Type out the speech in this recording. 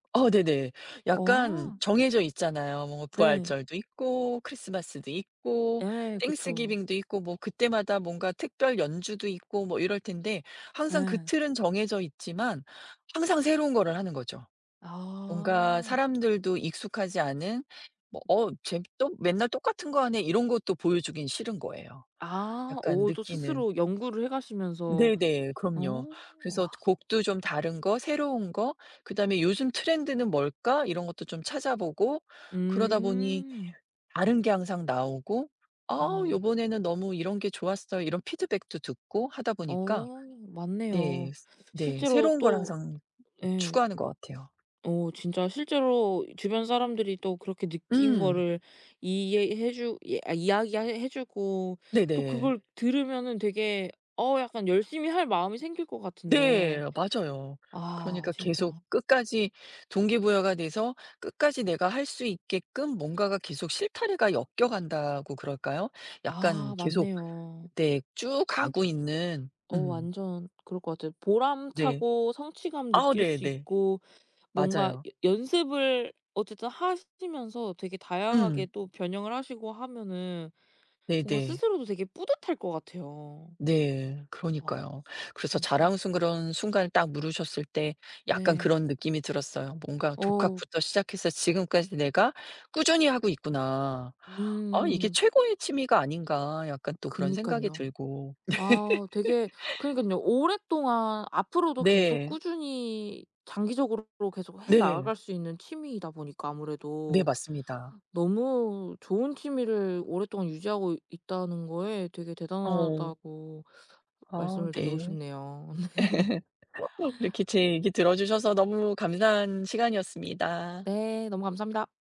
어 네네. 약간 어. 정해져 있잖아요. 뭐 네. 부활절도 있고, 크리스마스도 있고, 예 그쵸. 땡스기빙도 있고, 뭐 그때마다 뭔가 특별 연주도 있고 뭐 이럴 텐데 항상 그 예. 틀은 정해져 있지만 항상 새로운 거를 하는 거죠. 뭔가 아. 사람들도 익숙하지 않은 뭐 "어 쟤 또 맨날 똑같은 거 하네?" 이런 것도 보여주기는 싫은 거예요. 아 약간 오 또 느끼는 스스로 연구를 해 가시면서 네네 그럼요. 어 그래서 와. 곡도 좀 다른 거, 새로운 거, 그다음에 '요즘 트렌드는 뭘까?' 이런 것도 좀 찾아보고 그러다 보니 음. 다른 게 항상 나오고 "아 아. 요번에는 너무 이런 게 좋았어요." 이런 피드백도 듣고 하다 보니까 어 네. 맞네요. 네. 실제로 새로운 걸 또 항상 예. 추구하는 것 같아요. 어 진짜 실제로 주변 사람들이 또 그렇게 느낀 음. 거를 이해해 주 이 아 이야기해 해 주고 또 네네. 그걸 들으면은 되게 어 약간 열심히 할 마음이 생길 것 네 같은데 맞아요. 아 그러니까 계속 진짜. 끝까지 동기부여가 돼서 끝까지 내가 할 수 있게끔 뭔가가 계속 실타래가 엮여 간다고 그럴까요? 약간 아 계속 맞네요. 네. 쭉 성 가고 있는. 어 음. 완전 그럴 것 같아요. 네. 보람차고 성취감 아 느낄 수 네네. 있고 뭔가 맞아요. 여 연습을 어쨌든 하시면서 되게 다양하게 음. 또 변형을 하시고 하면은 뭔가 네네. 스스로도 되게 뿌듯할 것 같아요. 네. 와 그러니까요. 그래서 진짜. 자랑스러운 순간 딱 물으셨을 때 약간 네. 그런 느낌이 들었어요. '뭔가 어. 독학부터 시작해서 지금까지 내가 꾸준히 하고 있구나. 아 이게 음. 최고의 취미가 아닌가?' 약간 또 그런 생각이 그러니깐요. 들고. 아 되게 그러니깐요. 오랫동안 앞으로도 계속 네. 꾸준히 장기적으로 그리고 계속 해 네. 나갈 수 있는 취미이다 보니까 네 아무래도, 맞습니다. 너무 좋은 취미를 오랫동안 유지하고 있다는 거에 되게 어. 대단하다고 아 말씀을 드리고 네. 싶네요. 이렇게 제 얘기 들어주셔서 너무 감사한 시간이었습니다. 네 너무 감사합니다.